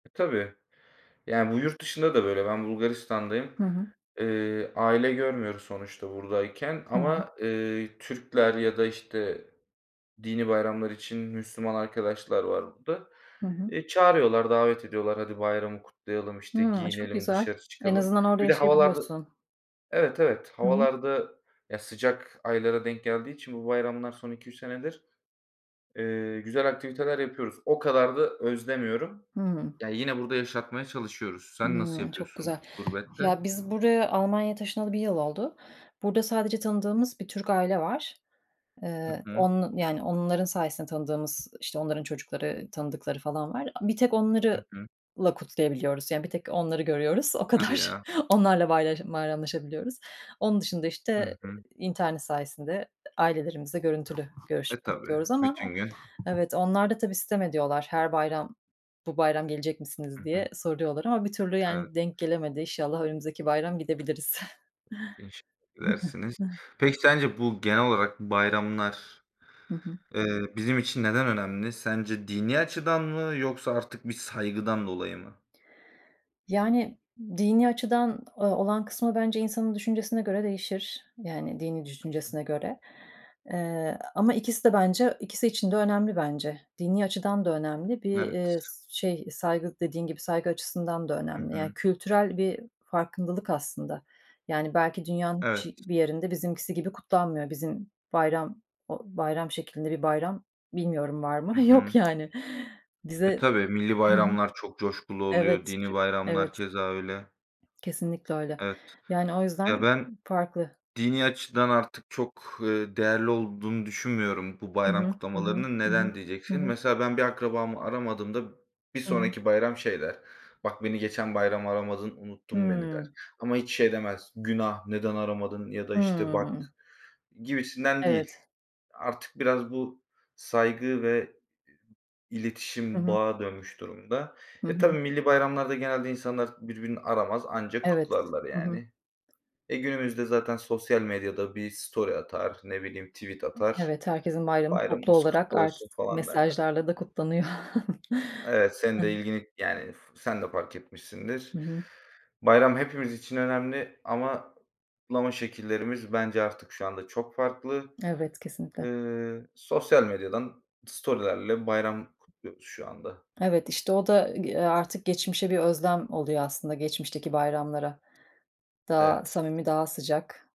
Tabii. Yani bu yurt dışında da böyle. Ben Bulgaristan'dayım. Hı hı. Iıı, aile görmüyoruz sonuçta buradayken Tabii. ama, eee, Türkler ya da işte dini bayramlar için Müslüman arkadaşlar var burada. Hı hı. Eee, çağırıyorlar, davet ediyorlar. Hadi bayramı kutlayalım, işte Hıı, çok giyinelim, güzel. dışarı En çıkalım. azından orada Bir de havalar da, yaşayabiliyorsun. evet, evet, Hı hı. havalar da, ya sıcak aylara denk geldiği için bu bayramlar son 2-3 senedir, eee, güzel aktiviteler yapıyoruz. O kadar da özlemiyorum. Hıı. Ya yine burada yaşatmaya çalışıyoruz. Sen nasıl Hımm. Çok güzel. yapıyorsun gurbette? Ya, biz buraya, Almanya'ya taşınalı 1 yıl oldu. Burada sadece tanıdığımız bir Türk aile var. Hı Eee, hı. onun yani onların sayesinde tanıdığımız, işte, onların çocukları, tanıdıkları falan var. Bir tek Hı onlarla hı. kutlayabiliyoruz; yani bir tek onları görüyoruz, o Hadi kadar. ya. Onlarla bayram bayramlaşabiliyoruz. Onun dışında, Hı işte, hı. internet sayesinde ailelerimizle görüntülü E, görüşüp tabii. kutluyoruz ama Bütün gün... evet, onlar da tabii sitem ediyorlar. Her bayram, "Bu bayram gelecek misiniz?" Hı hı. diye soruyorlar ama bir türlü Evet. yani denk gelemedi. İnşallah önümüzdeki bayram gidebiliriz. İnşallah gidersiniz. Peki, sence bu, genel olarak bayramlar, Hı hı. eee, bizim için neden önemli? Sence dini açıdan mı yoksa artık bir saygıdan dolayı mı? Yani dini açıdan o olan kısmı bence insanın düşüncesine göre değişir, yani dini düşüncesine göre... Eee, ama ikisi de bence ikisi için de önemli bence. Dini açıdan da önemli, bir, eee, Evet. şey, saygı, dediğin gibi, saygı açısından da Hı önemli. Yani hı. kültürel bir farkındalık aslında. Yani belki dünyanın Evet. hiç bir yerinde bizimkisi gibi kutlanmıyor. Bizim bayram, o bayram şeklinde bir bayram, bilmiyorum, var Hı mı? Yok hı. yani. E, Bize tabii millî hı hı. bayramlar çok coşkulu Evet, oluyor, çü dini bayramlar evet, keza öyle. kesinlikle öyle. Evet, Yani o yüzden ya, ben farklı. dini açıdan artık çok, ııı, değerli olduğunu düşünmüyorum bu Hı bayram hı. Hı hı, kutlamalarının. hı hı, Neden, hı diyeceksin. hı. Mesela ben bir akrabamı aramadığımda bir Hı hı. sonraki bayram şey der: Bak, beni geçen bayram aramadın, unuttun beni, der. Hıı. Ama hiç şey demez: Günah, neden aramadın ya da, işte, bak, Hıı. gibisinden değil. Evet. Artık biraz bu saygı ve Hı iletişim hı. bağa dönmüş durumda. Hı E, hı. tabii, millî bayramlarda genelde insanlar birbirini aramaz, anca Evet. kutlarlar Hı hı. yani. E, günümüzde zaten sosyal medyada bir story atar, ne bileyim tweet atar. Evet, herkesin bayramı toplu "Bayramımız olarak kutlu artık olsun." falan derler. mesajlarla da kutlanıyor. Evet, senin Hı. de ilgini yani f f sen de fark etmişsindir. Hı hı. Bayram hepimiz için önemli ama kutlama şekillerimiz bence artık şu anda çok farklı. Evet, kesinlikle. Eee, sosyal medyadan story'lerle bayram kutluyoruz şu anda. Evet, işte o da, eee, artık geçmişe bir özlem oluyor aslında geçmişteki bayramlara. Daha Evet. samimi, daha sıcak.